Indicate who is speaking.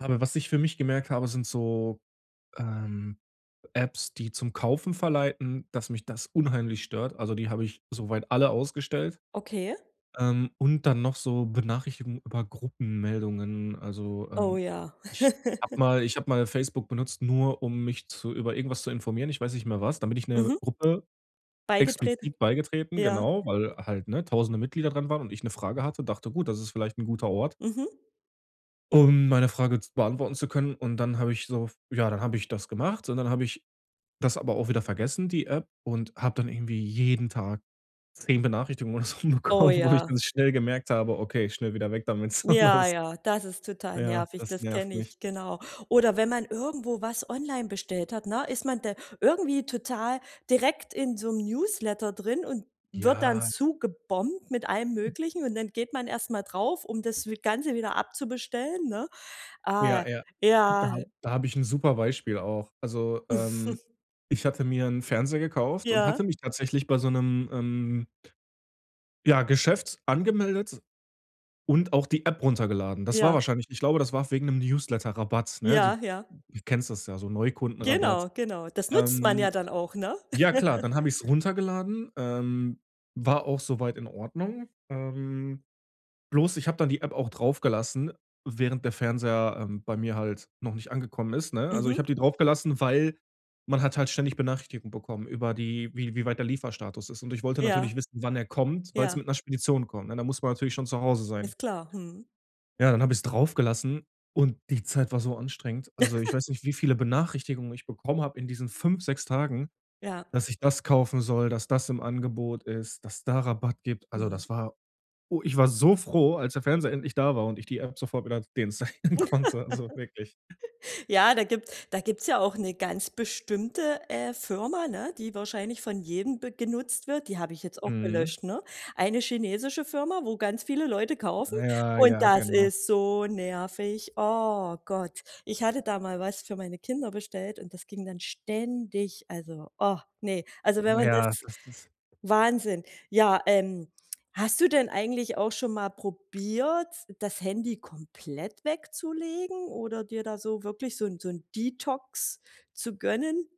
Speaker 1: Aber was ich für mich gemerkt habe, sind so, ähm, Apps, die zum Kaufen verleiten, dass mich das unheimlich stört. Also, die habe ich soweit alle ausgestellt.
Speaker 2: Okay.
Speaker 1: Ähm, und dann noch so Benachrichtigungen über Gruppenmeldungen. Also,
Speaker 2: Oh
Speaker 1: ähm,
Speaker 2: ja.
Speaker 1: ich habe mal ich habe mal Facebook benutzt, nur um mich zu über irgendwas zu informieren, ich weiß nicht mehr was, da bin ich 'ner
Speaker 2: Mhm.
Speaker 1: Gruppe
Speaker 2: Beigetreten,
Speaker 1: explizit beigetreten,
Speaker 2: ja.
Speaker 1: genau, weil halt, ne, 1.000e Mitglieder dran waren und ich 'ne Frage hatte, dachte: „Gut, das ist vielleicht 'n guter Ort
Speaker 2: Mhm.
Speaker 1: um meine Frage z beantworten zu können“, und dann habe ich so f ja, dann habe ich das gemacht, und dann habe ich das aber auch wieder vergessen, die App, und habe dann irgendwie jeden Tag 10 Benachrichtigungen oder so
Speaker 2: Oh
Speaker 1: bekommen, wo ich dann
Speaker 2: ja.
Speaker 1: schnell gemerkt habe: „Okay, schnell wieder weg damit.“ So
Speaker 2: Ja,
Speaker 1: das
Speaker 2: ja, das ist total
Speaker 1: Ja,
Speaker 2: nervig.
Speaker 1: das
Speaker 2: Das
Speaker 1: nervt
Speaker 2: kenne
Speaker 1: mich.
Speaker 2: ich, genau. Oder wenn man irgendwo was online bestellt hat, ne, ist man da irgendwie total direkt in so 'nem Newsletter drin und wird dann
Speaker 1: Ja.
Speaker 2: zugebombt mit allem Möglichen und dann geht man erst mal drauf, um das wie Ganze wieder abzubestellen, ne? Ah,
Speaker 1: Ja, ja, da
Speaker 2: ja.
Speaker 1: hab da habe ich 'n super Beispiel auch. Also, ähm, ich hatte mir 'n Fernseher gekauft und
Speaker 2: Ja.
Speaker 1: hatte mich tatsächlich bei so 'nem, ähm ja, Geschäft angemeldet und auch die App runtergeladen. Das war
Speaker 2: Ja.
Speaker 1: wahrscheinlich ich glaube, das war wegen 'nem Newsletterrabatt, ne? Du
Speaker 2: Ja, ja.
Speaker 1: kennst das ja, so Neukundenrabatt.
Speaker 2: Genau, genau. Das nutzt man ja
Speaker 1: Ähm,
Speaker 2: dann auch, ne?
Speaker 1: ja, klar, dann habe ich's runtergeladen, ähm, war auch soweit in Ordnung. Ähm, bloß, ich habe dann die App auch draufgelassen, während der Fernseher, ähm, bei mir halt noch nicht angekommen ist, ne? Also, ich
Speaker 2: Mhm.
Speaker 1: habe die draufgelassen, weil, man hat halt ständig Benachrichtigungen bekommen über die wie wie weit der der Lieferstatus ist. Und ich wollte
Speaker 2: Ja.
Speaker 1: natürlich wissen, wann er kommt, weil's
Speaker 2: Ja.
Speaker 1: mit 'ner Spedition kommt, ne? Da muss man natürlich schon zu Hause sein.
Speaker 2: Alles klar. Mhm.
Speaker 1: Ja, dann habe ich es drauf gelassen, und die Zeit war so anstrengend. Also, ich weiß nicht, wie viele Benachrichtigungen ich bekommen habe in diesen 5, 6 Tagen,
Speaker 2: Ja.
Speaker 1: dass ich das kaufen soll, dass das im Angebot ist, dass es da Rabatt gibt. Also,
Speaker 2: Mhm.
Speaker 1: das war oh, ich war so froh, als der Fernseher endlich da war und ich die App sofort wieder deinstallieren konnte, also wirklich.
Speaker 2: Ja, da gibt da gibt's ja auch 'ne ganz bestimmte, äh, Firma, ne? Die wahrscheinlich von jedem be genutzt wird. Die habe ich jetzt auch
Speaker 1: Mhm.
Speaker 2: gelöscht, ne. Eine chinesische Firma, wo ganz viele Leute kaufen
Speaker 1: Ja,
Speaker 2: und
Speaker 1: ja,
Speaker 2: das
Speaker 1: genau.
Speaker 2: ist so nervig. Oh Gott, ich hatte da mal was für meine Kinder bestellt und das ging dann ständig. Also, oh, ne. Also wenn man
Speaker 1: Ja.
Speaker 2: das
Speaker 1: Das das
Speaker 2: Wahnsinn. Ja, ähm, hast du denn eigentlich auch schon mal probiert, das Handy komplett wegzulegen oder dir da so wirklich so 'n so 'n Detox zu gönnen?